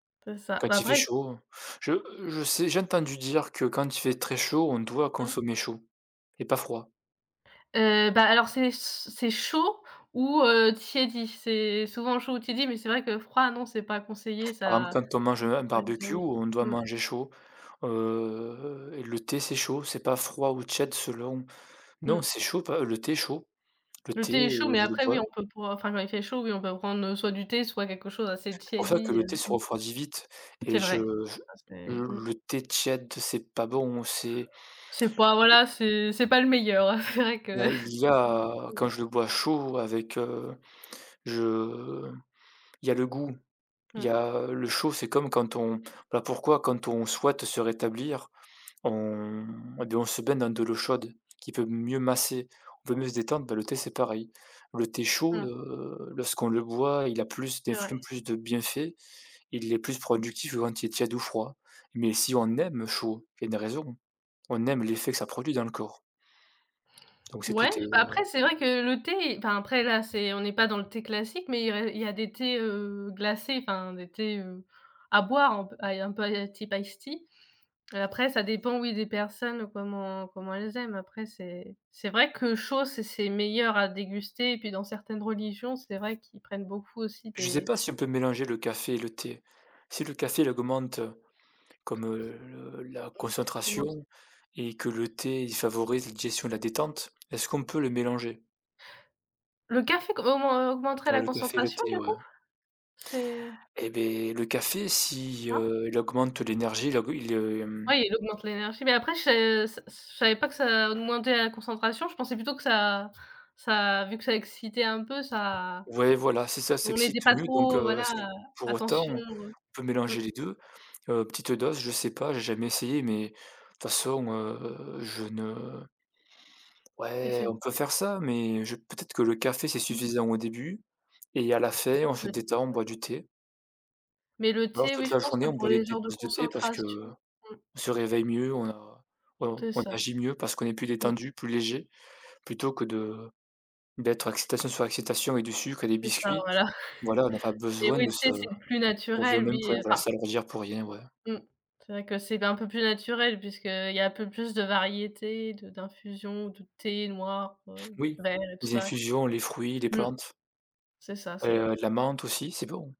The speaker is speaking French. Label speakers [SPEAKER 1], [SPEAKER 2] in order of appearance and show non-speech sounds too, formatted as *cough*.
[SPEAKER 1] C'est ça, bah
[SPEAKER 2] Quand il fait
[SPEAKER 1] après
[SPEAKER 2] chaud. Je je sais j'ai entendu dire que quand il fait très chaud, on doit
[SPEAKER 1] Mmh.
[SPEAKER 2] consommer chaud et pas froid.
[SPEAKER 1] Heu, bah alors c'est c c'est chaud ou, heu, tiédi. C'est souvent chaud ou tiédi, mais c'est vrai que froid non, c'est pas conseillé,
[SPEAKER 2] Par exemple,
[SPEAKER 1] ça..
[SPEAKER 2] quand on mange un barbecue,
[SPEAKER 1] *unintelligible*
[SPEAKER 2] on doit
[SPEAKER 1] Mmh.
[SPEAKER 2] manger chaud, heu, le thé, c'est chaud, c'est pas froid ou tiède, selon non
[SPEAKER 1] Mmh.
[SPEAKER 2] c'est chaud p heu, le thé est chaud, le
[SPEAKER 1] Le
[SPEAKER 2] thé,
[SPEAKER 1] thé est chaud,
[SPEAKER 2] heu,
[SPEAKER 1] mais
[SPEAKER 2] je le
[SPEAKER 1] après
[SPEAKER 2] bois
[SPEAKER 1] oui, on peut boi enfin quand il fait chaud, oui on peut prendre, heu, soit du thé, soit quelque chose assez
[SPEAKER 2] Pour ça que
[SPEAKER 1] tiédi,
[SPEAKER 2] le
[SPEAKER 1] heu,
[SPEAKER 2] thé se
[SPEAKER 1] mmh.
[SPEAKER 2] refroidit vite et
[SPEAKER 1] C'est
[SPEAKER 2] je
[SPEAKER 1] vrai,
[SPEAKER 2] je
[SPEAKER 1] ça c'est
[SPEAKER 2] je
[SPEAKER 1] mmh.
[SPEAKER 2] le thé tiède, c'est pas bon, c'est
[SPEAKER 1] C'est pas voilà, c'est c'est pas le meilleur, hein. C'est vrai que
[SPEAKER 2] Ben il y
[SPEAKER 1] *unintelligible* ça.
[SPEAKER 2] a
[SPEAKER 1] Mmh.
[SPEAKER 2] quand je le bois chaud avec, heu, je il y a le goût, il y
[SPEAKER 1] Mmh.
[SPEAKER 2] a le chaud, c'est comme quand on ben pourquoi quand on souhaite se rétablir, on et ben on se baigne dans de l'eau chaude qui peut mieux masser, on peut mieux se détendre, ben le thé, c'est pareil. Le thé chaud,
[SPEAKER 1] Mmh.
[SPEAKER 2] heu, lorsqu'on le boit, il a plus
[SPEAKER 1] C'est
[SPEAKER 2] d'effluves,
[SPEAKER 1] vrai.
[SPEAKER 2] plus de bienfaits, il est plus productif que quand il est tiède ou froid. Mais si on aime le chaud, il y a une raison. On aime l'effet que ça produit dans le corps. Donc c'est tout
[SPEAKER 1] Ouais,
[SPEAKER 2] et
[SPEAKER 1] bah
[SPEAKER 2] heu
[SPEAKER 1] après c'est vrai que le thé enfin après là c'est on est pas dans le thé classique, mais il y a il y a des thés, heu, glacés, enfin des thés, heu, à boire un peu à un peu à la type ice tea. Après ça dépend oui, des personnes comment comment elles aiment. Après c'est c'est vrai que chaud, c'est c'est meilleur à déguster et puis dans certaines religions, c'est vrai qu'ils prennent beaucoup aussi
[SPEAKER 2] Je sais
[SPEAKER 1] des
[SPEAKER 2] pas si on peut mélanger le café et le thé. Si le café, il augmente,
[SPEAKER 1] *unintelligible* Mmh.
[SPEAKER 2] comme, heu, le la
[SPEAKER 1] Commence
[SPEAKER 2] concentration et que le thé, il favorise la digestion et la détente, est-ce qu'on peut les mélanger?
[SPEAKER 1] Le café co aumen augmenterait
[SPEAKER 2] Ouais,
[SPEAKER 1] la
[SPEAKER 2] le café et le
[SPEAKER 1] concentration,
[SPEAKER 2] thé,
[SPEAKER 1] du
[SPEAKER 2] ouais.
[SPEAKER 1] coup? C'est
[SPEAKER 2] Eh ben le café si,
[SPEAKER 1] Hein?
[SPEAKER 2] heu, il augmente l'énergie il aug heu, il, hem
[SPEAKER 1] Ouais, il augmente l'énergie, mais après je s s je savais pas que ça augmentait la concentration, je pensais plutôt que ça ça vu que ça excitait un peu, ça
[SPEAKER 2] Ouais, voilà, si ça
[SPEAKER 1] on
[SPEAKER 2] s'excite
[SPEAKER 1] était pas
[SPEAKER 2] mieux, donc
[SPEAKER 1] trop, heu,
[SPEAKER 2] heu,
[SPEAKER 1] voilà,
[SPEAKER 2] est-ce que
[SPEAKER 1] heu,
[SPEAKER 2] pour autant
[SPEAKER 1] attention,
[SPEAKER 2] on peut
[SPEAKER 1] heu, mmh.
[SPEAKER 2] mélanger les 2? Heu, petite, heu, dose, je sais pas, j'ai jamais essayé mais de toute façon, heu, je ne
[SPEAKER 1] Et
[SPEAKER 2] Ouais,
[SPEAKER 1] c'est b
[SPEAKER 2] on peut faire ça, mais je peut-être que le café, c'est
[SPEAKER 1] Mmh.
[SPEAKER 2] suffisant au début et à la fin, on
[SPEAKER 1] Tu
[SPEAKER 2] se
[SPEAKER 1] dois être
[SPEAKER 2] détend, on
[SPEAKER 1] très,
[SPEAKER 2] boit
[SPEAKER 1] très
[SPEAKER 2] du thé.
[SPEAKER 1] Mais le
[SPEAKER 2] Ou alors
[SPEAKER 1] thé,
[SPEAKER 2] toute
[SPEAKER 1] oui, je
[SPEAKER 2] la
[SPEAKER 1] pense
[SPEAKER 2] journée,
[SPEAKER 1] que
[SPEAKER 2] on
[SPEAKER 1] pour
[SPEAKER 2] boit des
[SPEAKER 1] les
[SPEAKER 2] thés des
[SPEAKER 1] genres de
[SPEAKER 2] tasses de thé parce qu'on
[SPEAKER 1] concentration mmh.
[SPEAKER 2] se réveille mieux, on a on
[SPEAKER 1] C'est
[SPEAKER 2] on
[SPEAKER 1] ça.
[SPEAKER 2] agit mieux parce qu'on est plus
[SPEAKER 1] Mmh.
[SPEAKER 2] détendu, plus léger plutôt que de d'être excitation sur excitation et du sucre et des
[SPEAKER 1] C'est ça,
[SPEAKER 2] biscuits.
[SPEAKER 1] voilà.
[SPEAKER 2] Voilà, on a pas
[SPEAKER 1] Mais
[SPEAKER 2] besoin
[SPEAKER 1] oui,
[SPEAKER 2] de
[SPEAKER 1] le
[SPEAKER 2] se
[SPEAKER 1] thé c'est le plus
[SPEAKER 2] on revient au
[SPEAKER 1] naturel,
[SPEAKER 2] même
[SPEAKER 1] oui,
[SPEAKER 2] point,
[SPEAKER 1] heu,
[SPEAKER 2] voilà,
[SPEAKER 1] enfin
[SPEAKER 2] s'alourdir pour rien, ouais.
[SPEAKER 1] Mmh. C'est vrai que c'est d un peu plus naturel puisque, heu, il y a un peu plus de variétés de d'infusion, de thé noir, heu,
[SPEAKER 2] Oui,
[SPEAKER 1] vert et tout
[SPEAKER 2] les
[SPEAKER 1] ça.
[SPEAKER 2] infusions, les fruits, les
[SPEAKER 1] Mmh.
[SPEAKER 2] plantes.
[SPEAKER 1] C'est ça, c'est
[SPEAKER 2] Heu, de la menthe aussi, c'est bon.